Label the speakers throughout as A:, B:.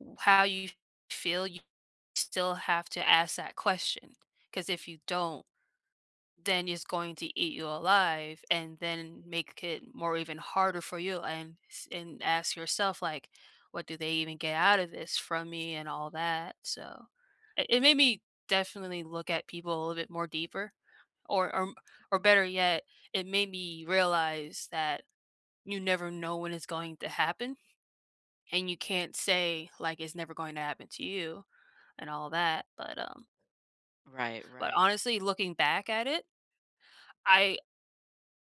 A: W how you feel you still have to ask that question, 'cause if you don't, then it's going to eat you alive, and then, make i it more even harder for you and s and ask yourself, like, "What do they even get out of this from me?" and all that, so, it it made me definitely look at people a little bit more deeper, or, um or better yet, it made me realize that you never know when it's going to happen, and you can't say, like, "It's never going to happen to you," and all that, but, um
B: Right,
A: but
B: right.
A: honestly, looking back at it I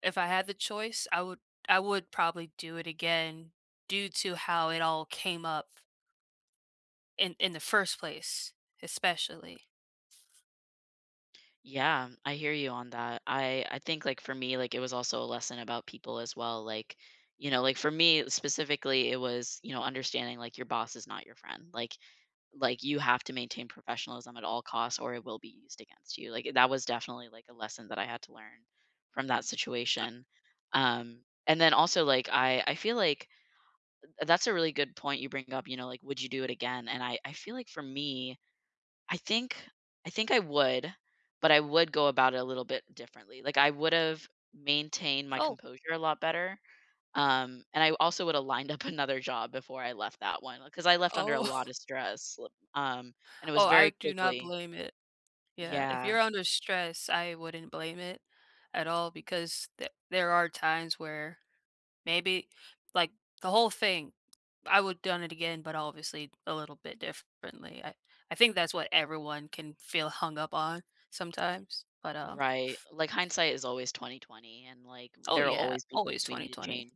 A: if I had the choice, I would I would probably do it again, due to how it all came up in in the first place, especially.
B: Yeah, I hear you on that. I I think, like, for me, like, it was also a lesson about people as well, like you know, like, for me, specifically, it was, you know, understanding, like, your boss is not your friend, like like, you have to maintain professionalism at all costs, or it will be used against you, like, i that was definitely, like, a lesson that I had to learn from that situation. Um, and then also, like, I I feel like Th That's a really good point you bring up, you know, like, "Would you do it again?" and I I feel like, for me, I think I think I would, but I would go about it a little bit differently, like, I would've maintained my
A: Oh.
B: composure a lot better, um, and I w also would've lined up another job before I left that one, uh 'cause I left under a lot
A: Oh
B: of stress, um, and it
A: Oh,
B: was
A: I
B: very
A: do not
B: quickly
A: blame it. Yeah, if
B: Yeah.
A: you're under stress, I wouldn't blame it at all, because th there are times where, maybe like, the whole thing, I would done it again, but obviously, a little bit differently, I I think that's what everyone can feel hung up on sometimes, but, uh
B: Right. Like, hindsight is always 20/20, and, like,
A: Oh,
B: there will
A: yeah.
B: always be
A: Always
B: things we need to
A: 20/20.
B: change.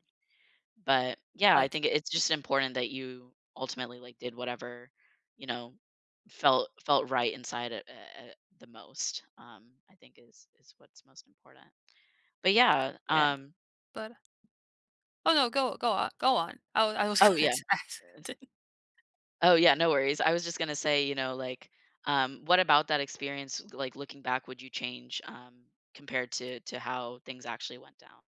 B: But, yeah, I
A: Like
B: think i it's just important that you ultimately, like, did whatever, you know, felt felt right inside a a a the most, um, I think is is what's most important. But yeah,
A: Yeah.
B: um
A: But, uh Oh no, go go o go on. I was I was
B: Oh,
A: going
B: yeah.
A: to ask something.
B: Oh, yeah, no worries. I was just gonna say, you know, like, um, what about that experience, s like, looking back, would you change, um, compared to to how things actually went down?